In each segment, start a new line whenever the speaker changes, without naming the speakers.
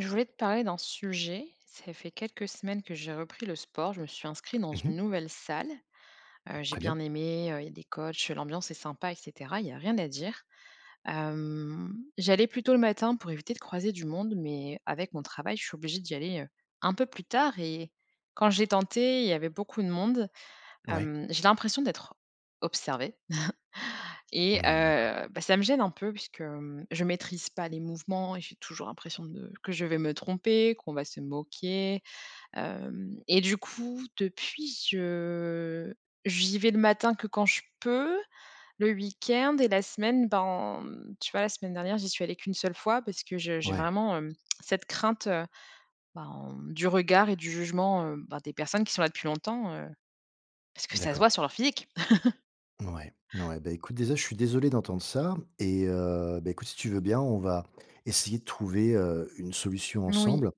Je voulais te parler d'un sujet. Ça fait quelques semaines que j'ai repris le sport, je me suis inscrite dans
Mmh
une
mh.
nouvelle salle. Heu, j'ai
Très bien.
bien aimé, heu, il y a des coachs, l'ambiance est sympa et cetera, il y a rien à dire. Hem, j'allais plutôt le matin pour éviter de croiser du monde, mais avec mon travail, je suis obligée d'y aller, heu, un peu plus tard et, quand j'ai tenté, il y avait beaucoup de monde.
Ouais.
Hem, j'ai l'impression d'être observée. Et
Mmh, d'accord.
heu, bah ça me gêne un peu puisque, mmh, je maîtrise pas les mouvements et j'ai toujours l'impression de que je vais me tromper, qu'on va se moquer, hem. Et du coup, depuis je j'y vais le matin que quand je peux, le week-end et la semaine, ben, mmh. Tu vois, la semaine dernière, j'y suis allée qu' 1 seule fois parce que je j'ai
Ouais.
vraiment, hem, cette crainte, heu, ben, du regard et du jugement, heu, ben des personnes qui sont là depuis longtemps, heu, parce que ça se
D'accord.
voit sur leur physique.
Ouais, ouais. Bah, écoute, déjà je suis désolé d'entendre ça et, heu, bah, écoute si tu veux bien on va essayer de trouver, heu, une solution
Oui.
ensemble.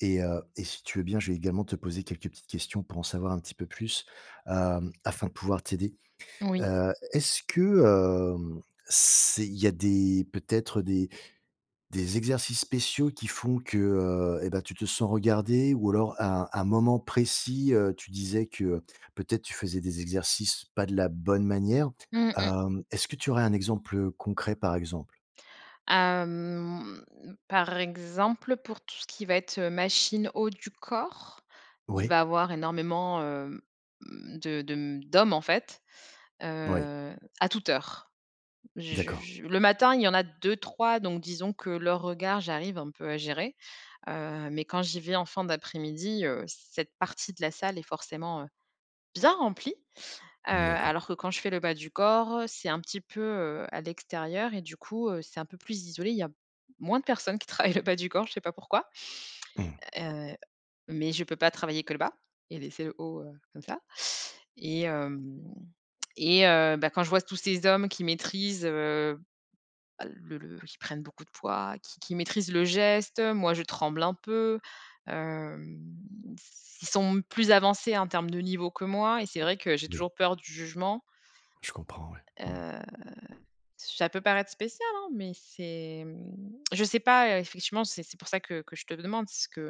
Et heu, et si tu veux bien, je vais également te poser quelques petites questions pour en savoir un petit peu plus, hem, afin de pouvoir t'aider.
Oui.
Heu, est-ce que, hem, c'est il y a des peut-être des, des exercices spéciaux qui font que, heu, et, bah, tu te sens regardée? Ou alors à un un moment précis, heu, tu disais que peut-être, tu faisais des exercices, pas de la bonne manière,
Mmh mh.
hem, est-ce que tu aurais un exemple concret par exemple?
Hem, par exemple pour tout ce qui va être, heu, machine haut du corps, il
Oui.
va avoir énormément, hem, mmh, de de d'hommes, en fait,
Oui.
heu, à toute heure. J
D'accord.
je le matin, il y en a 2-3, donc disons que leurs regards, j'arrive un peu à gérer, heu, mais quand j'y vais en fin d'après-midi, heu, cette partie de la salle est forcément, heu, bien remplie. Heu,
D'accord.
alors que quand je fais le bas du corps, c'est un petit peu, heu, à l'extérieur et du coup, heu, c'est un peu plus isolé. Il y a moins de personnes qui travaillent le bas du corps, je sais pas pourquoi.
Mmh.
Heu, mais je peux pas travailler que le bas et laisser le haut, heu, comme ça. Et hem, et heu, bah, quand je vois tous ces hommes qui maîtrisent, heu bah, le le qui prennent beaucoup de poids, qui qui maîtrisent le geste, moi je tremble un peu. Hem, s ils sont plus avancés en termes de niveau que moi et c'est vrai que j'ai
Oui.
toujours peur du jugement
Je comprends, ouais. Mmh.
heu. Ça peut paraître spécial, hein, mais c'est, mmh je sais pas, effectivement, c'est c'est pour ça que que je te demande ce que,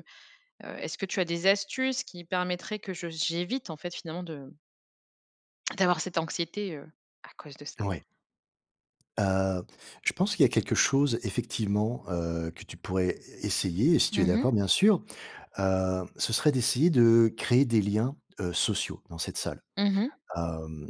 heu, est-ce que tu as des astuces qui permettraient que je j'évite en fait finalement de d'avoir cette anxiété, heu, à cause de ça?
Ouais. Heu. Je pense qu'il y a quelque chose effectivement, heu, que tu pourrais é essayer. Et si tu
Mmh
es
mh.
d'accord, bien sûr. Heu, ce serait d'essayer de créer des liens, heu, sociaux dans cette salle,
Mmh mh.
hem.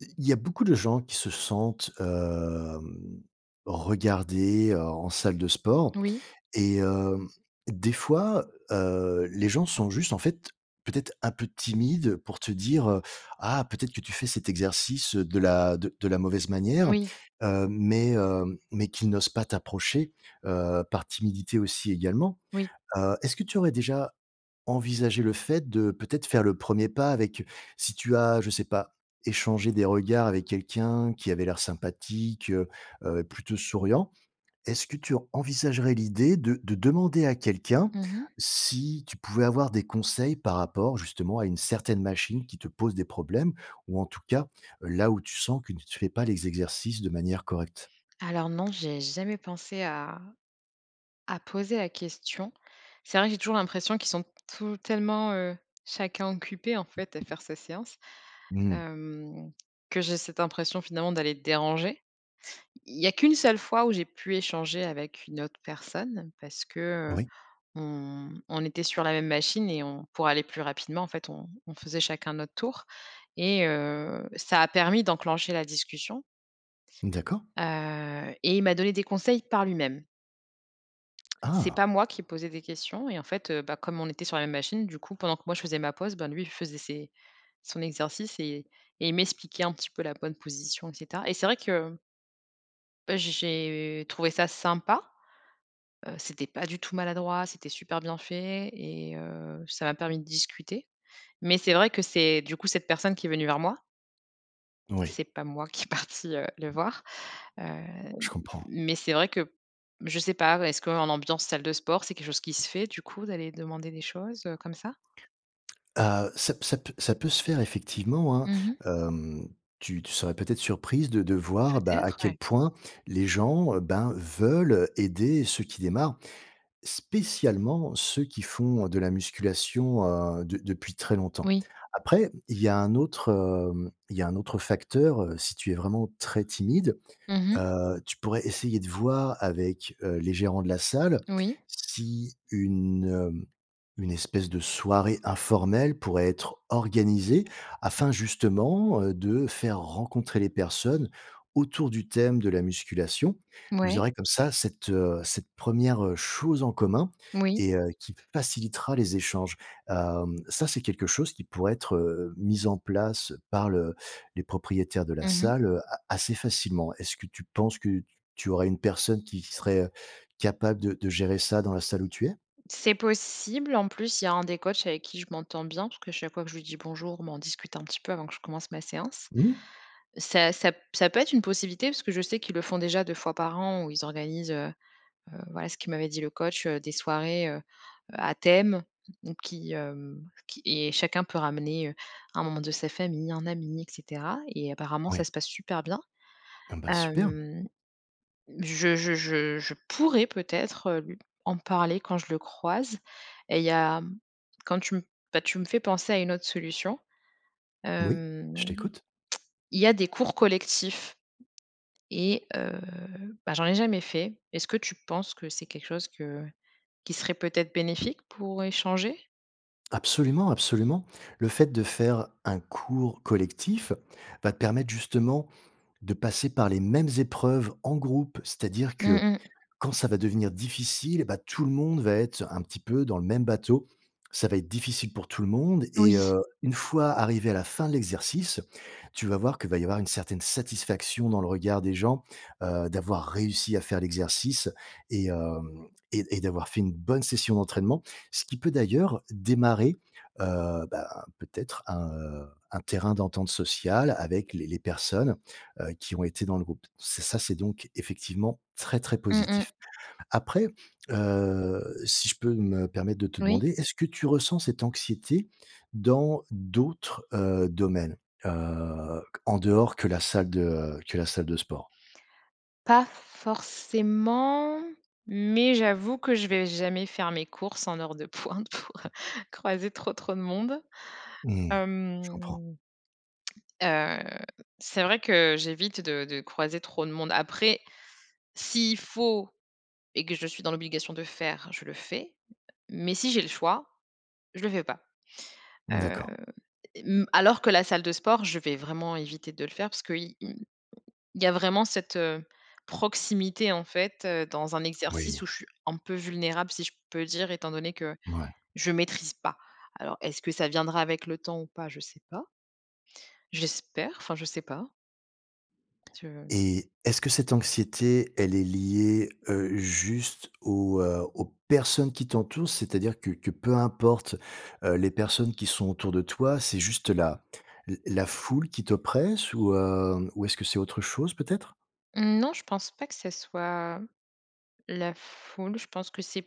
I il y a beaucoup de gens qui se sentent, hem, regardés, heu, en salle de sport.
Oui.
Et hem, des fois, heu, les gens sont juste en fait peut-être un peu timides pour te dire, heu: «Ah, peut-être que tu fais cet exercice de la de de la mauvaise manière.»
Oui.
heu, mais heu, mais qu'ils n'osent pas t'approcher, heu, par timidité aussi également.
Oui.
Heu, est-ce que tu aurais déjà envisagé le fait de peut-être faire le premier pas avec si tu as, je sais pas, échangé des regards avec quelqu'un qui avait l'air sympathique, heu, heu, et plutôt souriant? Est-ce que tu envisagerais l'idée de de demander à quelqu'un
Mmh mh.
si tu pouvais avoir des conseils par rapport justement à une certaine machine qui te pose des problèmes, ou en tout cas là où tu sens que tu fais ne pas les exercices de manière correcte?
Alors non, j'ai jamais pensé à à poser la question. C'est vrai que j'ai toujours l'impression qu'ils sont tout tellement, heu chacun occupés, en fait, à faire sa séance.
Mmh.
Hem, que j'ai cette impression finalement d'aller déranger. Il y a qu' 1 seule fois où j'ai pu échanger avec une autre personne parce que, heu,
Oui.
on on était sur la même machine et on pour aller plus rapidement, en fait on on faisait chacun notre tour et, heu, ça a permis d'enclencher la discussion
D'accord.
heu, et il m'a donné des conseils par lui-même. C'est
Ah.
pas moi qui posais des questions et en fait, heu, bah, comme on était sur la même machine, du coup pendant que moi je faisais ma pause, ben, lui il faisait ses son exercice et et il m'expliquait un petit peu la bonne position et cetera. Et c'est vrai que heu, j'ai j'ai trouvé ça sympa. Heu, c'était pas du tout maladroit, c'était super bien fait et heu, ça m'a permis de discuter. Mais c'est vrai que c'est, du coup, cette personne qui est venue vers moi.
Oui.
C'est pas moi qui est partie, heu, le voir, heu,
Je comprends.
mais c'est vrai que je sais pas, est-ce qu'en ambiance salle de sport c'est quelque chose qui se fait, du coup d'aller demander des choses, heu, comme ça?
Heu, ça p ça p ça peut se faire effectivement, hein.
Mmh mh.
Hem, tu tu serais peut-être surprise de de
Peut
voir, bah, à
être.
quel
Ouais.
point les gens, heu, ben, veulent aider ceux qui démarrent. Spécialement ceux qui font de la musculation, heu, de depuis très longtemps.
Oui.
Après, il y a un autre, hem, il y a un autre facteur, heu, si tu es vraiment très timide,
Mmh mh.
heu, tu pourrais essayer de voir avec, heu, les gérants de la salle
Oui.
si une, heu, une espèce de soirée informelle pourrait être organisée afin justement, heu, de faire rencontrer les personnes autour du thème de la musculation. Vous
Mouais.
aurez comme ça cette, heu, cette 1re chose en commun
Moui.
et heu, qui facilitera les échanges. Hem, ça c'est quelque chose qui pourrait être, heu, mis en place par le les propriétaires de la
Mmh mh.
salle a assez facilement. Est-ce que tu penses que t tu aurais une personne qui qui serait, heu, capable de de gérer ça dans la salle où tu es?
C'est possible, en plus il y a un des coachs avec qui je m'entends bien parce que chaque fois que je lui dis bonjour, bah, on discute un petit peu avant que je commence ma séance.
Mmh mh.
Ça ça p ça peut être une possibilité, parce que je sais qu'ils le font déjà 2 fois par an où ils organisent, heu heu, voilà ce qu'il m'avait dit le coach, heu, des soirées, heu, à thème, donc qui, hem, qui et chacun peut ramener, heu, un membre de sa famille, un ami et cetera et apparemment ça
Oui.
se passe super bien.
Ah ben, super!
Hem. Je je je je pourrais peut-être lu en parler quand je le croise. Et il y a quand tu me bah, tu me fais penser à une autre solution.
Oui,
Hem.
je t'écoute.
Il y a des cours collectifs et heu, bah, j'en ai jamais fait. Est-ce que tu penses que c'est quelque chose que qui serait, peut-être, bénéfique pour échanger?
Absolument, absolument. Le fait de faire un cours collectif va te permettre justement de passer par les mêmes épreuves en groupe, c'est à dire
Mmh
que,
mh.
quand ça va devenir difficile et bah, tout le monde va être un petit peu dans le même bateau. Ça va être difficile pour tout le monde et
Oui.
heu, une fois arrivé à la fin de l'exercice, tu vas voir qu'il va y avoir une certaine satisfaction dans le regard des gens, heu, d'avoir réussi à faire l'exercice et hem et et d'avoir fait une bonne session d'entraînement. Ce qui peut d'ailleurs démarrer, heu, ben, peut-être un, heu, un terrain d'entente sociale avec les les personnes, heu, qui ont été dans le groupe. C'est ça c'est donc effectivement très, très
Mmh mh.
positif. Après, heu, si je peux me permettre de te
Oui.
demander, est-ce que tu ressens cette anxiété dans d'autres, heu, domaines, heu, q en dehors que la salle de, heu, que la salle de sport?
Pas forcément mais j'avoue que je vais jamais faire mes courses en heure de pointe pour, heu, croiser trop, trop de monde.
Mmh. Je comprends.
Hem heu, c'est vrai que j'évite de de croiser trop de monde. Après, s'il faut et que je suis dans l'obligation de faire, je le fais, mais si j'ai le choix, je le fais pas. Hem,
D'accord.
et m alors que la salle de sport, je vais vraiment éviter de le faire parce qu'il il il y a vraiment cette, heu, proximité en fait, heu, dans un exercice
Moui.
où je suis un peu vulnérable, si je peux dire, étant donné que
Mouais.
je maîtrise pas. Alors est-ce que ça viendra avec le temps ou pas? Je sais pas. J'espère, enfin je sais pas. Tu veux?
Et, est-ce que cette anxiété, elle est liée, heu, juste aux, heu, aux personnes qui t'entourent, c'est-à-dire que que peu importe, heu, les personnes qui sont autour de toi, c'est juste la la la foule qui t'oppresse ou, heu, ou est-ce que c'est autre chose peut-être?
Mmh non, je pense pas que ça soit, la foule. Je pense que c'est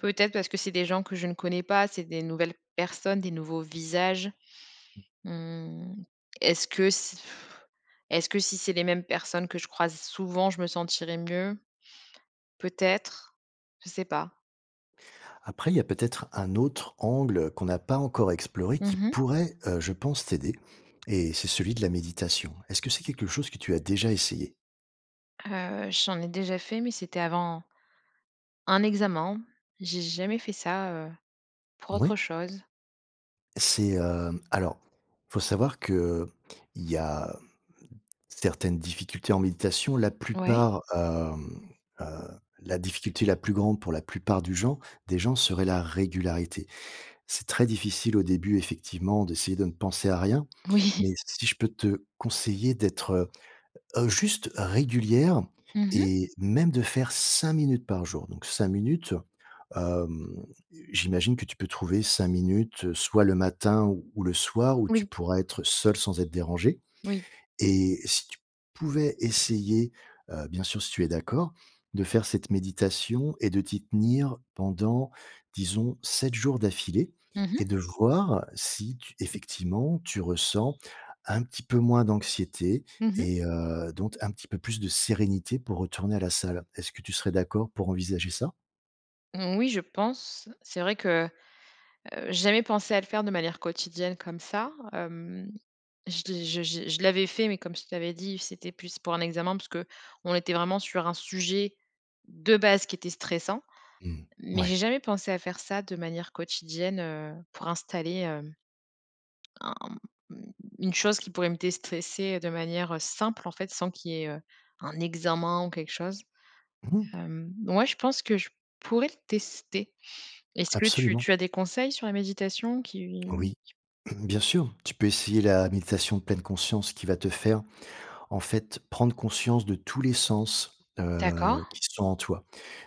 peut-être parce que c'est des gens que je ne connais pas, c'est des nouvelles personnes, des nouveaux visages. Mmh, est-ce que si est-ce que si c'est les mêmes personnes que je croise souvent, je me sentirais mieux? Peut-être, je sais pas.
Après, il y a peut-être un autre angle qu'on n'a pas encore exploré, qui
Mmh mh.
pourrait, heu, je pense, t'aider et c'est celui de la méditation, est-ce que c'est quelque chose que tu as déjà essayé?
Heu, j'en ai déjà fait, mais c'était avant un examen. J'ai jamais fait ça, heu, pour autre
Oui.
chose.
C'est, heu, alors, faut savoir qu'il y a certaines difficultés en méditation la
Oui.
plupart, hem heu, la difficulté la plus grande pour la plupart du gens des gens serait la régularité. C'est très difficile au début, effectivement, d'essayer de ne penser à rien,
Oui.
mais si je peux te conseiller d'être, heu, heu, juste régulière
Mmh mh.
et même de faire 5 minutes par jour, donc 5 minutes, hem, j'imagine que tu peux trouver 5 minutes soit le matin ou ou le soir où tu
Oui.
pourrais être seule sans être dérangée
Oui.
et si tu pouvais essayer, heu, bien sûr si tu es d'accord, de faire cette méditation et de t'y tenir pendant, disons 7 jours d'affilée
Mmh
et
mh.
de voir si tu effectivement tu ressens un petit peu moins d'anxiété
Mmh mh.
et heu, donc un petit peu plus de sérénité pour retourner à la salle. Est-ce que tu serais d'accord pour envisager ça?
Mmh, oui, je pense. C'est vrai que, heu, j'ai jamais pensé à le faire de manière quotidienne, comme ça. Hem, je l' j j je l'avais fait, mais comme je t'avais dit, c'était plus pour un examen parce qu'on était vraiment sur un sujet, de base qui était stressant.
Mmh,
Mais
ouais.
j'ai jamais pensé à faire ça de manière quotidienne, heu, pour installer, hem un une chose qui pourrait me déstresser de manière, heu, simple en fait, sans qu'il y ait, heu, un examen ou quelque chose.
Mmh mh.
Hem, ouais, je pense que je pourrais le tester. Est-ce que tu
Absolument.
tu as des conseils sur la méditation qui
Oui,
qui
bien sûr, tu peux essayer la méditation pleine conscience, qui va te faire, en fait, prendre conscience de tous les sens, heu,
D'accord.
qui sont en toi.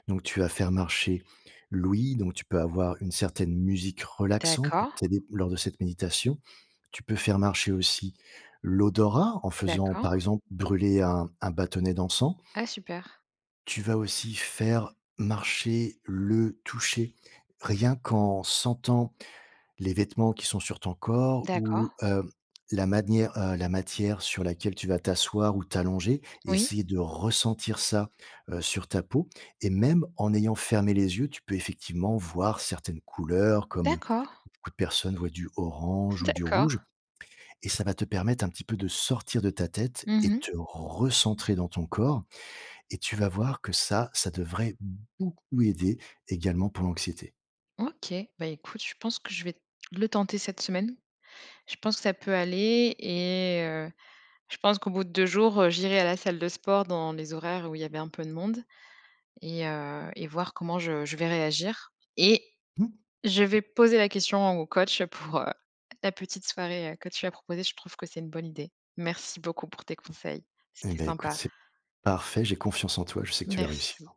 Donc tu vas faire marcher, l'ouïe, donc tu peux avoir une certaine musique relaxante pour
D'accord.
t'aider lors cette méditation. Tu peux faire marcher aussi, l'odorat, en faisant par
D'accord.
exemple, brûler un un bâtonnet d'encens.
Ah, super!
Tu vas aussi faire marcher le toucher, rien qu'en sentant les vêtements qui sont sur ton corps ou,
D'accord.
heu, la manière, heu, la matière sur laquelle tu vas t'asseoir ou t'allonger et
Oui.
essayer de ressentir ça, heu, sur ta peau et même en ayant fermé les yeux tu peux effectivement voir certaines couleurs comme
D'accord.
beaucoup de personnes voient du orange ou du rouge
D'accord.
et ça va te permettre un petit peu de sortir de ta tête et
Mmh mh.
te recentrer dans ton corps et tu vas voir que ça, ça devrait beaucoup aider également pour l'anxiété.
OK, bah écoute, je pense que je vais, le tenter cette semaine. Je pense que ça peut aller et heu, je pense qu'au bout de 2 jours, heu, j'irai à la salle de sport dans les horaires où il y avait un peu de monde et heu et voir comment je je vais réagir. Et,
Mmh.
je vais poser la question au au coach pour, heu, la petite soirée, heu, que tu as proposé. Je trouve que c'est une bonne idée. Merci beaucoup pour tes conseils,
Et
c'était
ben écoute
sympa.
c'est parfait. J'ai confiance en toi, je sais que tu vas réussir.
Merci.